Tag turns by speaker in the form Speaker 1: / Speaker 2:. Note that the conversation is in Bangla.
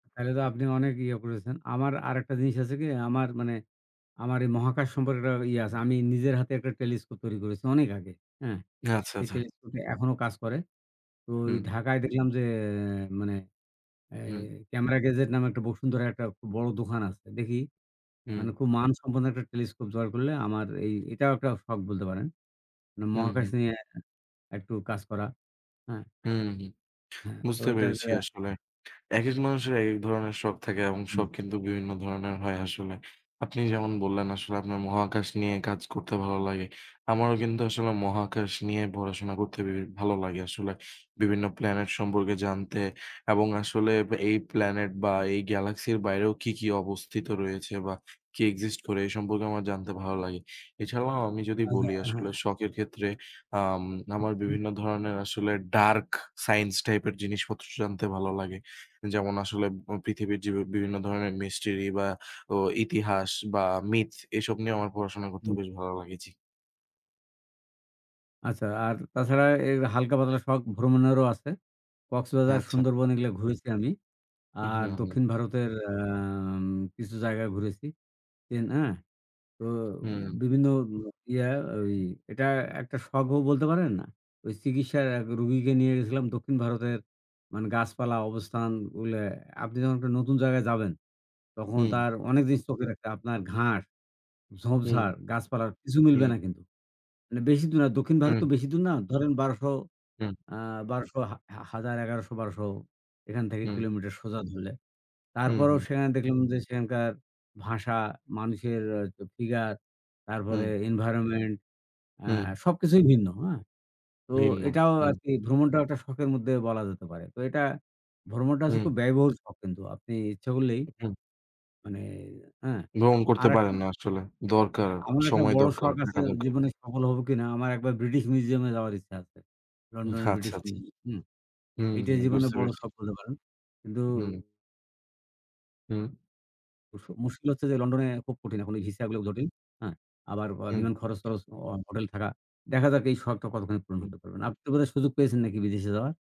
Speaker 1: একেতো আপনি অনেক ইয়ে করেছেন। আমার আরেকটা জিনিস আছে কি? আমার মানে আমার এ মহাকাশ সম্পর্কে একটা ইয়ে আছে। আমি নিজের হাতে একটা টেলিস্কোপ তৈরি করেছি অনেক আগে, হ্যাঁ?
Speaker 2: আচ্ছা,
Speaker 1: সেই
Speaker 2: আচ্ছা।
Speaker 1: টেলিস্কোপটা এখনও কাজ করে। তো
Speaker 2: হুম।
Speaker 1: এই ঢাকায় দেখলাম যে, মানে এ
Speaker 2: হুম।
Speaker 1: ক্যামেরা গেজেট নামে একটা বসুন্ধরায় একটা খুব বড় দোকান আছে। দেখি
Speaker 2: হুম।
Speaker 1: মানে খুব মানসম্পন্ন একটা টেলিস্কোপ জোগাড় করলে আমার এই এটাও একটা শখ বলতে পারেন। উম
Speaker 2: হুম,
Speaker 1: মহাকাশ
Speaker 2: হুম।
Speaker 1: নিয়ে একটু কাজ করা, হ্যাঁ?
Speaker 2: হুম, হুম।
Speaker 1: হ্যাঁ। তো
Speaker 2: বুঝতে
Speaker 1: এটা যে
Speaker 2: পেরেছি আসলে। একেক মানুষের একেক ধরনের শখ থাকে এবং
Speaker 1: হুম।
Speaker 2: শখ কিন্তু বিভিন্ন ধরনের হয় আসলে। আপনি যেমন বললেন আসলে আপনার মহাকাশ নিয়ে কাজ করতে ভালো লাগে। আমারও কিন্তু আসলে মহাকাশ নিয়ে পড়াশোনা করতে বে ভালো লাগে আসলে। বিভিন্ন প্ল্যানেট সম্পর্কে জানতে এবং আসলে এই প্ল্যানেট বা এই গ্যালাক্সির বাইরেও কি, কি অবস্থিত রয়েছে বা কি exist করে এ সম্পর্কে আমার জানতে ভালো লাগে। এছাড়াও আমি যদি
Speaker 1: আচ্ছা
Speaker 2: বলি আসলে
Speaker 1: হ্যাঁ।
Speaker 2: শখের ক্ষেত্রে আম
Speaker 1: হু,
Speaker 2: আমার
Speaker 1: হুম।
Speaker 2: বিভিন্ন ধরনের আসলে dark science টাইপের জিনিসপত্র জানতে ভালো লাগে। যেমন আসলে পৃথিবীর যে, বিভিন্ন ধরনের mystery বা ও ইতিহাস বা মিথ। এসব নিয়ে আমার পড়াশোনা করতে
Speaker 1: হুম।
Speaker 2: বেশ ভালো লাগে, জ্বী।
Speaker 1: আচ্ছা, আর তাছাড়া এর হালকা পাতলা শখ ভ্রমণেরও আছে। কক্সবাজার,
Speaker 2: আচ্ছা।
Speaker 1: সুন্দরবন এগুলা ঘুরেছি আমি।
Speaker 2: উহ
Speaker 1: আর
Speaker 2: হুম, হুম।
Speaker 1: দক্ষিণ ভারতের অ্যাম কিছু জায়গায় ঘুরেছি। তি না? তো
Speaker 2: হুম।
Speaker 1: বিভিন্ন ইয়া ঐ এটা একটা শখও বলতে পারেন। ওই চিকিৎসার এক রোগীকে নিয়ে গেছিলাম দক্ষিণ ভারতের মানে গাছপালা অবস্থান ওগুলা। আপনি যখন একটা নতুন জায়গায় যাবেন, তখন
Speaker 2: হুম।
Speaker 1: তার অনেক জিনিস চোখে রাখতে আপনার ঘাস,
Speaker 2: হুম,
Speaker 1: ঝোপঝাড়, গাছপালার কিছু মিলবে
Speaker 2: হুম।
Speaker 1: না কিন্তু। মানে বেশি দূর না, দক্ষিণ ভারত
Speaker 2: হুম।
Speaker 1: তো বেশি দূর না। ধরেন ১২০০
Speaker 2: হুম।
Speaker 1: আ বারোশো হা হাজার ১১০০-১২০০ এখান থেকে
Speaker 2: হুম।
Speaker 1: কিলোমিটার সোজা ধরলে।
Speaker 2: হুম,
Speaker 1: তারপরও
Speaker 2: হুম।
Speaker 1: সেখানে দেখলাম যে, সেখানকার ভাষা, মানুষের অ্যা তো ফিগার, তারপরে
Speaker 2: হুম।
Speaker 1: environment অ্যা
Speaker 2: হুম।
Speaker 1: সবকিছুই ভিন্ন, হ্যাঁ? তো
Speaker 2: ভিন্ন,
Speaker 1: এটাও
Speaker 2: হুম।
Speaker 1: আরকি ভ্রমণটাও একটা শখের মধ্যে বলা যেতে পারে। তো এটা ভ্রমণটা হচ্ছে
Speaker 2: হুম।
Speaker 1: খুব ব্যয়বহুল শখ কিন্তু। আপনি ইচ্ছা করলেই
Speaker 2: উ হুম।
Speaker 1: মানে হ্যাঁ,
Speaker 2: ভ্রমণ করতে
Speaker 1: আরেকটা
Speaker 2: পারেন না আসলে। দরকার,
Speaker 1: আমার একটা
Speaker 2: সময়
Speaker 1: বড়
Speaker 2: দরকার,
Speaker 1: শখ
Speaker 2: হ্যাঁ,
Speaker 1: আছে
Speaker 2: টাকার দর
Speaker 1: জীবনে সফল হব কিনা? আমার একবার British Museum এ যাওয়ার ইচ্ছা আছে। London
Speaker 2: আচ্ছা,
Speaker 1: এর British
Speaker 2: আচ্ছা।
Speaker 1: Museum হুম।
Speaker 2: হুম,
Speaker 1: এইটাই
Speaker 2: হুম।
Speaker 1: জীবনে
Speaker 2: বুঝতে
Speaker 1: বড়
Speaker 2: পেরেছি।
Speaker 1: শখ বলতে পারেন। কিন্তু
Speaker 2: হুম। হুম।
Speaker 1: মুশ মুশকিল হচ্ছে যে, লন্ডনে খুব কঠিন। এখন এ ভিসাগুলো জটিল, হ্যাঁ? আবার অ
Speaker 2: হুম।
Speaker 1: বিমান খরচ-টরছ, অ হোটেল থাকা। দেখা যাক এই শখটা কতখানি পূরণ
Speaker 2: হুম।
Speaker 1: হতে পারবেন। আপনি তো বোধহয় সুযোগ পেয়েছেন নাকি বিদেশে যাওয়ার?